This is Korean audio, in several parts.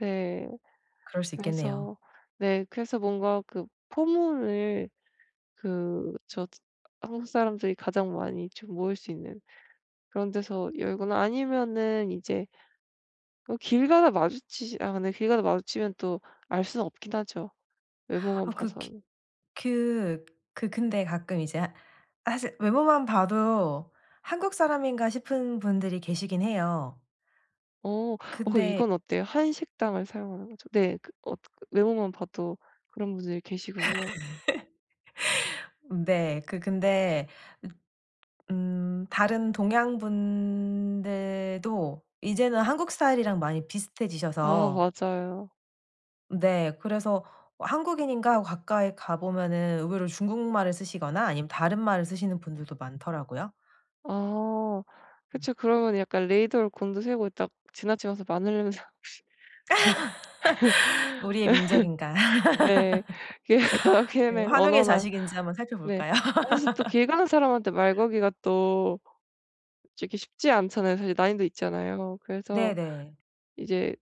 네 그럴 수 있겠네요. 그래서 네 그래서 뭔가 그 포물을 그 저 한국 사람들이 가장 많이 좀 모일 수 있는 그런 데서 열거나 아니면은 이제 어 길 가다 마주치지 아 네 길 가다 마주치면 또 알 순 없긴 하죠, 외모만 아 그 기 봐서는. 그 그 근데 가끔 이제 하 사실 외모만 봐도 '한국 사람인가.' 싶은 분들이 계시긴 해요. 어. 어 그럼 근데 이건 어때요? 한식당을 사용하는 거죠. 네 그 어 그 외모만 봐도 그런 분들이 계시군요? 네. 그 근데 읏 음 다른 동양 분들도 이제는 한국 스타일이랑 많이 아. 비슷해지셔서 맞아요. 네 그래서 '어 한국인인가?' 하고 가까이 가 보면은 의외로 중국말을 쓰시거나 아니면 다른 말을 쓰시는 분들도 많더라고요. 아. 음. 그쵸. 그러면 약간 레이더를 곤두세우고 딱 지나치면서 마늘 냄새나나 혹시. 우리의 민족인가 네. 그래서 네 그다음에 환웅의 언어나. 자식인지 한번 네 살펴볼까요? 사실 또 길 가는 사람한테 말 걸기가 또 솔직히 쉽지 않잖아요. 사실 난이도 있잖아요. 그래서 네네. 이제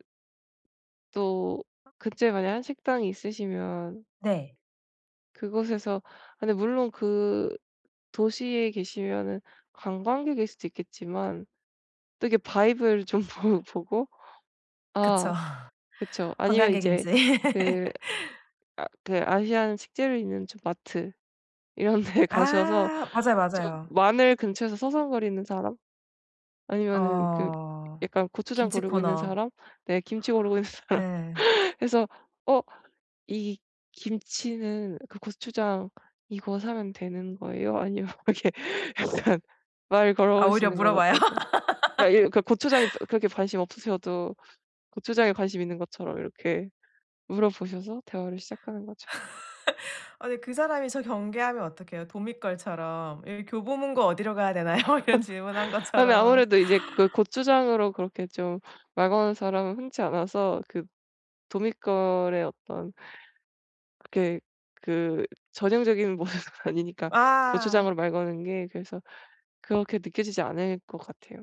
또 아. 그때 만약 한식당이 있으시면 네. 그곳에서 아 근데 물론 그 도시에 계시면은 관광객일 수도 있겠지만 또 이렇게 vibe를 좀 보 보고 그쵸. 아 그쵸 아니면 이제 관광객인지. 그 아 그 아시안 식재료 있는 저 마트 이런 데 가셔서 아. 맞아요, 좀 맞아요. 마늘 근처에서 서성거리는 사람 아니면은 그 어. 약간 고추장 김치 고르고 있는 코너. 사람 네 김치 고르고 있는 사람 예. 그래서 "어 이 김치는 그 고추장 이거 사면 되는 거예요?" 아니면 이렇게 일단 말을 걸어 아 오히려 보시는 건 물어봐요? 어떨까요? 아 일 그 고추장에 어 그렇게 관심 없으셔도 고추장에 관심 있는 것처럼 이렇게 물어보셔서 대화를 시작하는 거죠. 아니 그 사람이 저 경계하면 어떡해요, 도믿걸처럼. 예 "교보문고 어디로 가야 되나요?" 이런 질문한 아 네 것처럼. 아무래도 이제 그 고추장으로 그렇게 좀 말 거는 사람은 흔치 않아서 그 도믿걸의 어떤 그렇게 그 전형적인 모습은 아니니까 고추장으로 아. 말 거는 게 그래서 그렇게 느껴지지 않을 것 같아요.